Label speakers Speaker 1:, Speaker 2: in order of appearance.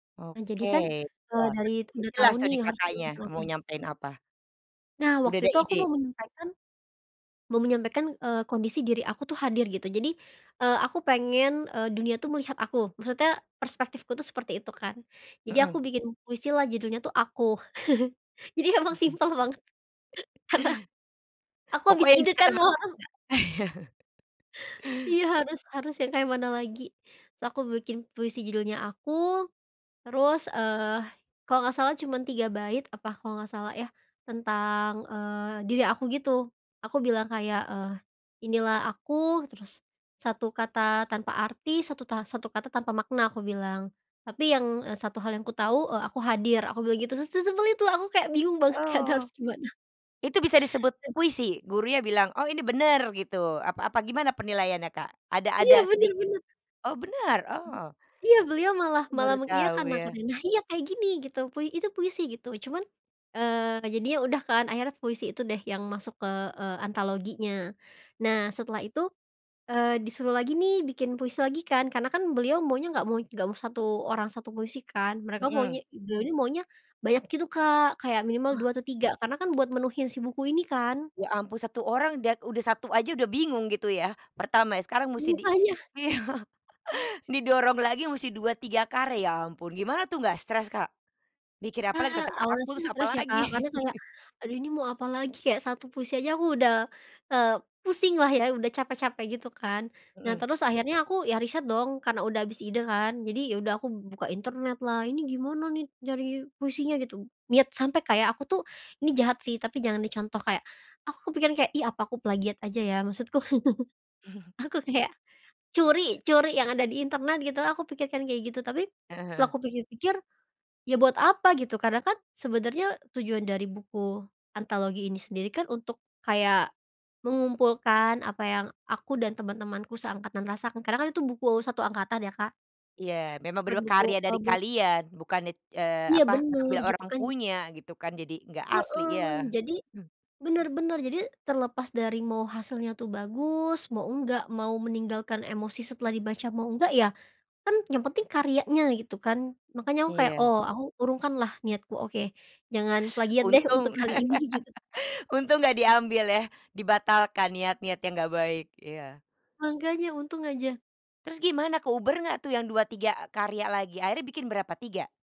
Speaker 1: Eee, jadi
Speaker 2: Oke
Speaker 1: kan, eee, dari itu
Speaker 2: iya
Speaker 1: udah tau
Speaker 2: jelas
Speaker 1: nih
Speaker 2: tadi
Speaker 1: harus
Speaker 2: Kakaknya
Speaker 1: diajak log
Speaker 2: mau
Speaker 1: in.
Speaker 2: nyampein apa.
Speaker 1: Nah
Speaker 2: Udah
Speaker 1: waktu
Speaker 2: ada
Speaker 1: itu aku
Speaker 2: ide?
Speaker 1: mau menyampaikan, mau menyampaikan, eee, kondisi diri aku tuh hadir gitu jadi, eee, aku pengen, eee, dunia tuh melihat aku maksudnya perspektifku tuh seperti itu kan, jadi aku
Speaker 2: Mhm.
Speaker 1: bikin puisilah judulnya tuh Aku jadi emang
Speaker 2: Mhm.
Speaker 1: simple banget, karena, aku habis
Speaker 2: Pokoknya yang
Speaker 1: ide
Speaker 2: deket
Speaker 1: kan
Speaker 2: sama
Speaker 1: mau
Speaker 2: Kakak.
Speaker 1: harus Iya harus harus yang kayak mana lagi? Terus aku bikin puisi judulnya Aku, terus, eee, kalau gak salah cuman 3 bait apa kalau gak salah ya, tentang, eee, diri aku gitu, aku bilang kayak, eee, "Inilah aku," terus, "1 kata tanpa arti 1 ta 1 kata tanpa makna," aku bilang, "tapi yang, eee, 1 hal yang kutahu, eee, aku hadir," aku bilang gitu, terus sesimple itu aku kayak bingung banget kan
Speaker 2: Oh,
Speaker 1: harus gimana?
Speaker 2: itu bisa disebut puisi? Gurunya bilang, "Oh ini bener," gitu apa apa gimana penilaiannya, Kak? Ada
Speaker 1: Iya
Speaker 2: ada
Speaker 1: bener
Speaker 2: sedikit
Speaker 1: bener.
Speaker 2: oh bener, oh.
Speaker 1: Iya beliau malah
Speaker 2: Aku
Speaker 1: malah
Speaker 2: baru tahu
Speaker 1: mengiyakan nah
Speaker 2: ya.
Speaker 1: katanya, "Nah, kayak gini," gitu pui "itu puisi," gitu cuman, eee, jadinya udah kan akhirnya puisi itu deh yang masuk ke, eee, antologinya. Nah setelah itu, eee, disuruh lagi nih bikin puisi lagi kan karena kan beliau maunya nggak mau nggak mau 1 orang 1 puisi kan mereka maunya
Speaker 2: Mhm.
Speaker 1: beliau nih maunya, banyak gitu Kak kayak minimal 2
Speaker 2: Wah.
Speaker 1: atau 3 karena kan buat menuhin si buku ini kan.
Speaker 2: Ya ampun 1 orang da udah 1 aja udah bingung gitu ya, pertama ya sekarang musti di
Speaker 1: Mangkanya.
Speaker 2: iya didorong lagi musti 2, 3 karya ampun gimana tuh nggak stres, Kak? Mikir apalagi
Speaker 1: Nah
Speaker 2: tetep nggak aku
Speaker 1: awalnya sih
Speaker 2: harus
Speaker 1: stres ya Kak karena
Speaker 2: apalagi?
Speaker 1: kayak, aduh ini mau apalagi kayak 1 puisi aja aku udah, eee, pusing lah ya udah capek-capek gitu kan, nah
Speaker 2: Mhm.
Speaker 1: terus akhirnya aku ya riset dong karena udah habis ide kan, jadi ya udah aku buka internetlah ini gimana nih nyari puisinya gitu, niat sampai kayak aku tuh ini jahat sih tapi jangan dicontoh kayak, aku kepikiran kayak, ih, apa aku plagiat aja ya maksudku, aku kayak, curi curi yang ada di internet gitu aku pikirkan kayak gitu tapi,
Speaker 2: Heeh
Speaker 1: setelah
Speaker 2: heeh.
Speaker 1: aku pikir-pikir, ya buat apa gitu karena kan sebenernya tujuan dari buku antologi ini sendiri kan untuk kayak, mengumpulkan apa yang aku dan teman-temanku seangkatan rasakan karena kan itu buku 1 angkatan ya Kak.
Speaker 2: Iya memang
Speaker 1: Buat
Speaker 2: benar
Speaker 1: buku
Speaker 2: karya
Speaker 1: e
Speaker 2: dari
Speaker 1: buat
Speaker 2: kalian bukan it eee,
Speaker 1: Iya
Speaker 2: apa
Speaker 1: bener
Speaker 2: ngambil
Speaker 1: gitu
Speaker 2: orang
Speaker 1: kan
Speaker 2: punya gitu kan jadi enggak asli ya.
Speaker 1: Heeh, jadi,
Speaker 2: Mmm.
Speaker 1: bener bener jadi terlepas dari mau hasilnya tuh bagus, mau enggak, mau meninggalkan emosi setelah dibaca mau enggak ya, kan yang penting karyanya gitu kan. Makanya aku kayak
Speaker 2: Iya.
Speaker 1: oh aku urungkanlah niatku, "Oke jangan plagiat deh untuk
Speaker 2: Untung,
Speaker 1: kali ini," gitu.
Speaker 2: untung gak diambil ya, dibatalkan niat-niat yang gak baik iya.
Speaker 1: Mangkanya untung aja.
Speaker 2: Terus gimana keuber gak tuh yang 2, 3 karya lagi? Akhirnya bikin berapa? 3?